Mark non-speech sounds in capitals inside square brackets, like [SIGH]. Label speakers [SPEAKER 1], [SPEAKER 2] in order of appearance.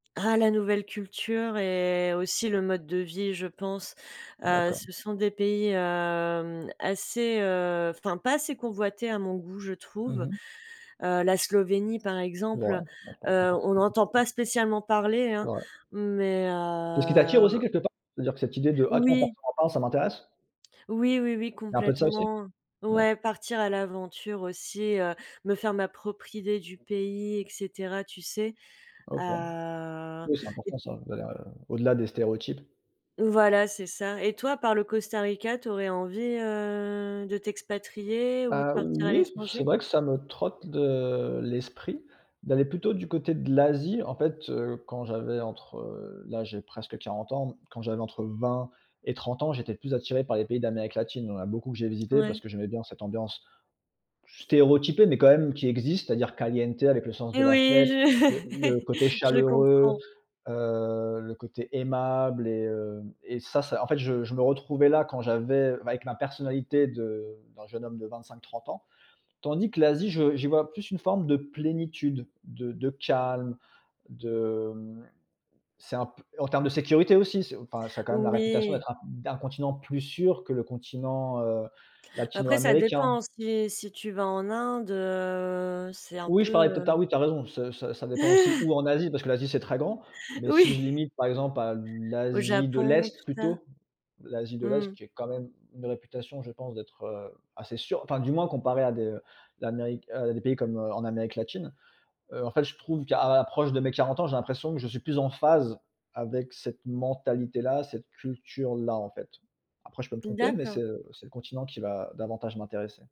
[SPEAKER 1] Ah la nouvelle culture et aussi, le mode de vie, je pense. Heu,
[SPEAKER 2] D'accord.
[SPEAKER 1] ce sont des pays, hem, assez, heu, enfin, pas assez convoités à mon goût, je
[SPEAKER 2] Mmh
[SPEAKER 1] trouve.
[SPEAKER 2] mh.
[SPEAKER 1] Heu, la Slovénie par exemple,
[SPEAKER 2] Ouais, je comprends pas
[SPEAKER 1] heu, on
[SPEAKER 2] forcément.
[SPEAKER 1] n'entend
[SPEAKER 2] [UNINTELLIGIBLE]
[SPEAKER 1] pas spécialement parler,
[SPEAKER 2] C'est
[SPEAKER 1] hein.
[SPEAKER 2] vrai.
[SPEAKER 1] Mais,
[SPEAKER 2] C'est ce qui t'attire aussi
[SPEAKER 1] heu
[SPEAKER 2] quelque part, c'est-à-dire que cette idée de: «Ah tiens,
[SPEAKER 1] Oui.
[SPEAKER 2] personne en parle, ça m'intéresse?»
[SPEAKER 1] Oui, oui, oui
[SPEAKER 2] Il y a un peu de ça aussi?
[SPEAKER 1] complètement. Ouais,
[SPEAKER 2] D'accord.
[SPEAKER 1] partir à l'aventure aussi, heu, me faire ma propre idée du pays, et cetera, tu sais?
[SPEAKER 2] OK.
[SPEAKER 1] Heu
[SPEAKER 2] Oui, c'est important
[SPEAKER 1] et
[SPEAKER 2] ça, d'aller, heu, au-delà des stéréotypes.
[SPEAKER 1] Voilà, c'est ça et toi, à part le Costa Rica, tu aurais envie, heu, de t'expatrier ou de
[SPEAKER 2] Heu,
[SPEAKER 1] partir à
[SPEAKER 2] oui, c'est
[SPEAKER 1] l'étranger?
[SPEAKER 2] vrai que ça me trotte de l'esprit, d'aller plutôt du côté de l'Asie. En fait, heu, quand j'avais entre, heu là, j'ai presque 40 ans. Quand j'avais entre 20 et 30 ans, j'étais plus attiré par les pays d'Amérique Latine. Il y en a beaucoup que j'ai visité parce
[SPEAKER 1] Ouais.
[SPEAKER 2] que j'aimais bien cette ambiance stéréotypée, mais quand même qui existe, c'est-à-dire caliente, avec le sens de
[SPEAKER 1] Et
[SPEAKER 2] la
[SPEAKER 1] oui,
[SPEAKER 2] fête. Le
[SPEAKER 1] je
[SPEAKER 2] le côté
[SPEAKER 1] [LAUGHS] je
[SPEAKER 2] chaleureux,
[SPEAKER 1] comprends.
[SPEAKER 2] heu, le côté aimable et heu et ça ça en fait, je me retrouvais là quand j'avais avec ma personnalité de d'un jeune homme de 25-30 ans. Tandis que l'Asie, je j'y vois plus une forme de plénitude, de de calme, de, hem c'est un peu en termes de sécurité aussi. Enfin, ça a quand même la réputation
[SPEAKER 1] Oui.
[SPEAKER 2] d'être un d'un continent plus sûr que le continent, heu,
[SPEAKER 1] Après, ça dépend
[SPEAKER 2] latino-américain.
[SPEAKER 1] aussi, si si tu vas en Inde, heu, c'est un
[SPEAKER 2] Oui, je
[SPEAKER 1] peu,
[SPEAKER 2] parlais peut-être tard
[SPEAKER 1] hem
[SPEAKER 2] ah oui, tu as raison, ça ça dépend aussi où
[SPEAKER 1] [LAUGHS]
[SPEAKER 2] en Asie, parce que l'Asie, c'est très grand. Mais si
[SPEAKER 1] Oui.
[SPEAKER 2] je limite, par exemple, à
[SPEAKER 1] Au
[SPEAKER 2] l'Asie de
[SPEAKER 1] Japon,
[SPEAKER 2] l'Est,
[SPEAKER 1] tout ça?
[SPEAKER 2] plutôt, l'Asie de l'Est
[SPEAKER 1] Mmh.
[SPEAKER 2] qui est quand même une réputation, je pense, d'être, heu, assez sûre enfin du moins, comparé à des l'Amérique, heu, pays comme, heu, en Amérique latine. Heu, en fait, je trouve qu'à l'approche de mes 40 ans, j'ai l'impression que je suis plus en phase avec cette mentalité-là, cette culture-là, en fait. Après, je peux me tromper, mais c'est,
[SPEAKER 1] D'accord.
[SPEAKER 2] heu, c'est le continent qui va, heu, davantage m'intéresser.